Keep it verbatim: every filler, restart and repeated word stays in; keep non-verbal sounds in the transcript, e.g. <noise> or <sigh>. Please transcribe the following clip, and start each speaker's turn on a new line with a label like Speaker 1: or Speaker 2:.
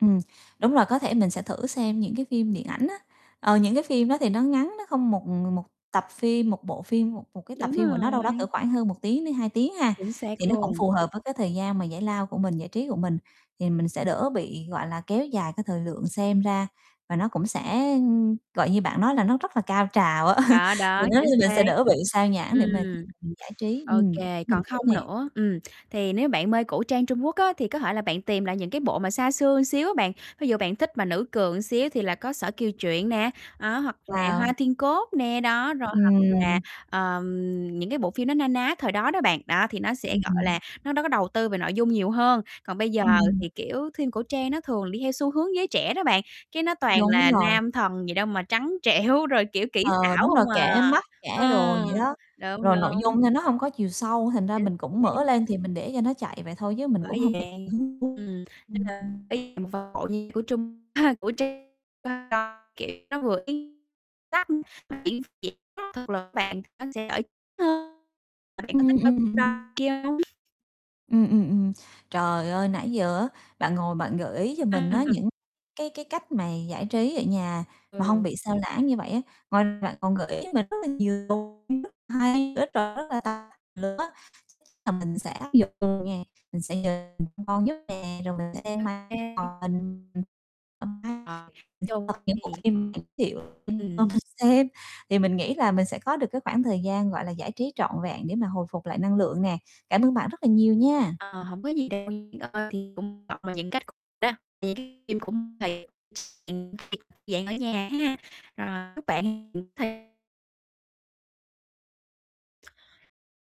Speaker 1: Ừm, đúng rồi, có thể mình sẽ thử xem những cái phim điện ảnh á. Ờ, những cái phim đó thì nó ngắn, nó không một ng một tập phim, một bộ phim, một một cái tập
Speaker 2: Đúng
Speaker 1: phim của nó đâu đó cỡ
Speaker 2: rồi.
Speaker 1: khoảng hơn một tiếng đến hai tiếng ha,
Speaker 2: Chính xác
Speaker 1: thì nó cũng
Speaker 2: luôn.
Speaker 1: phù hợp với cái thời gian mà giải lao của mình, giải trí của mình. Thì mình sẽ đỡ bị, gọi là, kéo dài cái thời lượng xem ra, và nó cũng sẽ, ừm, gọi như bạn nói là nó rất là cao trào á, <chuckles>
Speaker 2: Đó,
Speaker 1: vì
Speaker 2: đó,
Speaker 1: nếu như
Speaker 2: chính
Speaker 1: mình sẽ
Speaker 2: xác.
Speaker 1: đỡ bị sao nhãng để mà khi
Speaker 2: Ừm.
Speaker 1: mình giải trí,
Speaker 2: Ô
Speaker 1: ừm,
Speaker 2: kê,
Speaker 1: để mình
Speaker 2: còn
Speaker 1: thử
Speaker 2: không
Speaker 1: nè.
Speaker 2: nữa ừm, thì nếu bạn mê cổ trang Trung Quốc á, thì có thể là bạn tìm lại những cái bộ mà xa xưa xíu á bạn, ví dụ bạn thích mà nữ cường xíu thì là có Sở Kiều Truyện nè, đó, hoặc là Hoa
Speaker 1: Wow!
Speaker 2: Thiên Cốt nè, đó. Rồi hoặc là,
Speaker 1: Ừm.
Speaker 2: ờm, những cái bộ phim nó na ná thời đó đó bạn, đó, thì nó sẽ,
Speaker 1: Ừm,
Speaker 2: gọi
Speaker 1: ừm.
Speaker 2: là, nó, đó, có đầu tư về nội dung nhiều hơn. Còn bây giờ
Speaker 1: Ừm.
Speaker 2: thì, kiểu, phim cổ trang nó thường đi theo xu hướng giới trẻ đó bạn, cái nó toàn
Speaker 1: Đúng
Speaker 2: là
Speaker 1: rồi.
Speaker 2: nam thần gì đâu mà trắng trẻo, rồi, kiểu, kỹ
Speaker 1: Ờ,
Speaker 2: xảo
Speaker 1: đúng rồi,
Speaker 2: hông à.
Speaker 1: kẻ mắt kẻ đồ vậy
Speaker 2: Ừm,
Speaker 1: đó,
Speaker 2: đúng,
Speaker 1: rồi nội
Speaker 2: đúng.
Speaker 1: dung thôi nó hông có chiều sâu, thành ra
Speaker 2: Chính
Speaker 1: mình cũng mở
Speaker 2: xác.
Speaker 1: lên thì mình để cho nó chạy vậy thôi chứ mình cũng
Speaker 2: Bởi
Speaker 1: hông thực
Speaker 2: vậy,
Speaker 1: sự hứng thú.
Speaker 2: ừm, nên
Speaker 1: Ừm,
Speaker 2: là
Speaker 1: ừm.
Speaker 2: <unintelligible> của Trung, <chuckles> của Trung <unintelligible> kiểu, nó vừa <unintelligible> diễn thực lực á bạn, nên sẽ đỡ hơn. Mà bạn có
Speaker 1: Ừm,
Speaker 2: thích coi
Speaker 1: ừm.
Speaker 2: <unintelligible> kia hông?
Speaker 1: Ừm, ừm, ừm, trời ơi, nãy giờ á bạn ngồi bạn gợi ý cho mình á
Speaker 2: À.
Speaker 1: những cái cái cách mà giải trí ở nhà mà hông
Speaker 2: Ừ.
Speaker 1: bị sao lãng như vậy á, ngoài ra bạn còn gợi ý cho mình rất là nhiều bộ phim rất hay <unintelligible> là mình sẽ áp dụng nè, mình sẽ nhờ <unintelligible> nè, rồi mình sẽ đem
Speaker 2: Ô
Speaker 1: mang
Speaker 2: kê. Ờ. Nói
Speaker 1: <unintelligible>
Speaker 2: chung
Speaker 1: những bộ
Speaker 2: thì
Speaker 1: phim bạn giới thiệu cho
Speaker 2: Ừm.
Speaker 1: mình xem. Thì mình nghĩ là mình sẽ có được cái khoảng thời gian, gọi là, giải trí trọn vẹn để mà hồi phục lại năng lượng nè. Cảm ơn bạn rất là nhiều nha.
Speaker 2: Ờ, hổng có gì đâu nha. Ờ, thì cũng gọi những cách <unintelligible> đó, <unintelligible> dạng thì dạng ở nhà ha, rồi chúc bạn hiểu thêm.